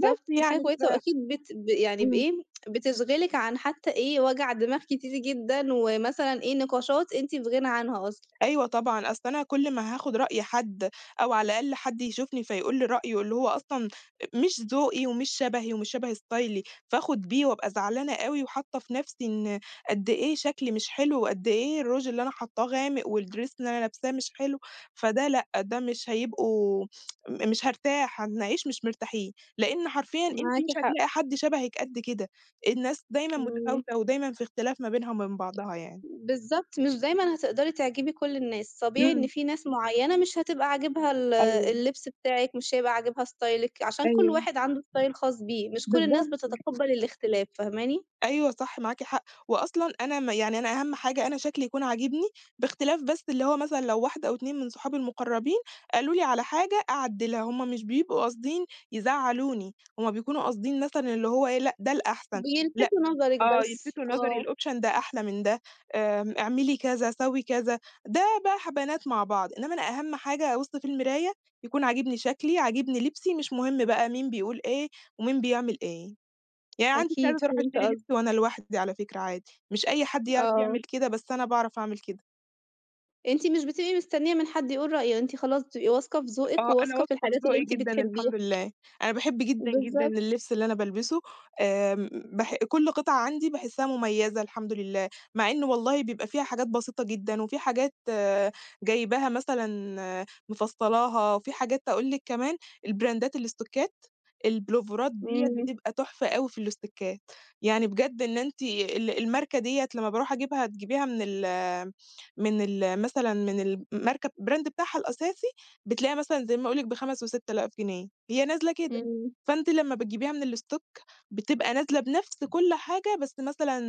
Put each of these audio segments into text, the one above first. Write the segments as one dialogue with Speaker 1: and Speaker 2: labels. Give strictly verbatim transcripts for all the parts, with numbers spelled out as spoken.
Speaker 1: بس
Speaker 2: دي حاجة
Speaker 1: يعني ف
Speaker 2: كويسة وأكيد بت ب يعني
Speaker 1: إمم.
Speaker 2: بإيه بِتشغلِك عن حتى إيه وَجَع دماغ كتير جدًا ومثلاً إيه نقاشات أنتِ في غِنَى عنها أصلًا.
Speaker 1: أيوه طبعًا، أصل أنا كُلّ ما هاخد رأي حد أو على الأقل حد يشوفني فيقول لي رأيه اللي هو أصلًا مش ذوقي ومش شبهي ومش شبه استايلي، فآخد بيه وأبقى زعلانة أوي وحاطّه في نَفسي إن قدّ إيه شكلي مش حلو، وقدّ إيه الrouge اللي أنا حاطّاه غامق، والdress اللي أنا لابساه مش حلو، فده لأ، ده مش هيبقوا م مش هارتاح، هنعيش مش مرتاحين، لإن حرفيًا أنتِ
Speaker 2: معاكِ
Speaker 1: مش
Speaker 2: حق.
Speaker 1: هتلاقي حد شبهِك قدّ كده، الناس دايمًا
Speaker 2: إمم.
Speaker 1: متفاوتة ودايمًا في اختلاف ما بينها وما بين بعضها يعني.
Speaker 2: بالضبط، مش دايمًا هتقدري تعجبي كُلّ الناس، طبيعي إن
Speaker 1: إمم.
Speaker 2: فيه ناس معيّنة مش هتبقى عاجبها ال
Speaker 1: أيوه.
Speaker 2: اللبْس بتاعِك، مش هيبقى عاجبها ستايلِك، عشان كُلّ
Speaker 1: أيوه،
Speaker 2: واحد عنده style خاص بيه، مش كُلّ الناس
Speaker 1: بالضبط.
Speaker 2: بتتقبل الاختلاف، فاهماني؟
Speaker 1: أيوه صح معاكِ حق، وأصلًا أنا م يعني أنا أهم حاجة أنا شكلي يكون عاجبني، باختلاف بس اللي هو مثلًا لو واحدة أو اتنين من صُحابي المُقرّبين قالوا لي على حاجة أعدِّلها، هُم مش بيبقوا قاصدين يزعّلُوني، هُم بيكونوا قاصدين مثلًا اللي هو إيه لأ ده الأحسن، لأ
Speaker 2: بيلفتوا نظرِك
Speaker 1: آه
Speaker 2: بس،
Speaker 1: يلْفِتُوا نظري،
Speaker 2: آه.
Speaker 1: الoption ده أحلى من ده، آمم، اعملي كذا سوّي كذا، ده بقي ح بنات مع بعض، انما أنا أهم حاجة أبُص في المرايا يكون عاجبني شكلي، عاجبني لِبسي، مش مهم بقي مين بيقول إيه ومين بيعمل إيه. يعني عندي
Speaker 2: أكيد
Speaker 1: استعداد أرُوح
Speaker 2: فهمت
Speaker 1: أشتري
Speaker 2: قصدِك.
Speaker 1: لبس وأنا لوحدي على فكرة عادي، مش أي حد يعرف
Speaker 2: آه.
Speaker 1: يعمل كده بس أنا باعرف أعمل كده.
Speaker 2: أنتِ مش بتبقي مستنّية من حد يقول رأيه، أنتِ خلاص بتبقي واثقة في ذوقِك
Speaker 1: آه أنا
Speaker 2: وواثقة في
Speaker 1: واثقة في
Speaker 2: الحاجات اللي
Speaker 1: ذوقي
Speaker 2: أنتِ
Speaker 1: جدًا
Speaker 2: بتحبيها.
Speaker 1: الحمد لله، أنا باحب جدًا، جدًا
Speaker 2: بالضبط.
Speaker 1: اللبس اللي أنا بالبسه. آمم، بح كُلّ قطعة عندي باحسِّها مُميَّزة الحمد لله، مع إنه والله بيبقى فيها حاجات بسيطة جدًا، وفي حاجات جايباها مثلًا مِفصّلاها، وفي حاجات أقول لِك كمان، البراندات الستوكّات، البُلوفَرات ديّة
Speaker 2: إمم.
Speaker 1: بتبقى تُحْفة أوي في الستوكّات، يعني بجد إن أنتِ ال الماركة ديّة لمّا بارُوح أجيبها تجيبيها من ال من ال مثلًا من الماركة brand بتاعها الأساسي بتلاقيها مثلًا زي ما أقول لك بخمس وست آلاف جنيه، هي نازلة كده،
Speaker 2: إمم.
Speaker 1: فأنتِ لمّا بتجيبيها من الstock بتبقى نازلة بنَفْس كُلّ حاجة، بس مثلًا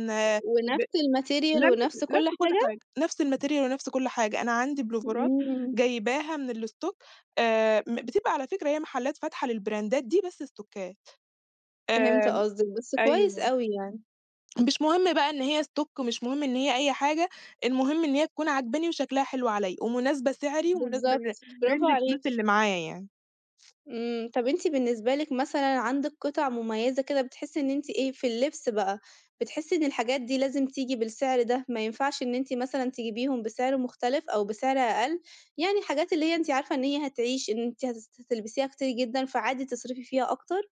Speaker 1: ب
Speaker 2: ونَفْس الmaterial ونَفْس
Speaker 1: نَفْس
Speaker 2: كُلّ
Speaker 1: نَفْس كُلّ
Speaker 2: حاجة؟
Speaker 1: حاجة، نَفْس الmaterial ونَفْس كُلّ حاجة، أنا عندي بُلوفَرات
Speaker 2: إمم.
Speaker 1: جايباها من الstock آآ، م بتبقى على فكرة هي محلات فاتحة للبراندات دي بس ستوكّات،
Speaker 2: فهمت
Speaker 1: آآ،
Speaker 2: قصدِك، بس كويس
Speaker 1: أيوه.
Speaker 2: أوي يعني.
Speaker 1: مش مهم بقى إن هي stock مش مهم إن هي أي حاجة، المهم إن هي تكون عاجباني وشكلها حلو عليَّ، ومناسبة سعري ومناسبة لر
Speaker 2: بالضبط، برافو
Speaker 1: لrange الفلوس
Speaker 2: عليكِ.
Speaker 1: اللي معايا يعني.
Speaker 2: إمم، طَب أنتِ بالنسبة لِك مثلًا عندِك قِطَع مُميّزة كده بتحسي إن أنتِ إيه في اللبس بقى، بتحسي إن الحاجات دي لازم تيجي بالسعر ده؟ ما ينفعش إن أنتِ مثلًا تجيبيهم بسعر مختلف أو بسعر أقل؟ يعني الحاجات اللي هي أنتِ عارفة إن هي هتعيش، إن أنتِ هتس هتلبسيها كتير جدًا، فعادي تصرِفي فيها أكتر؟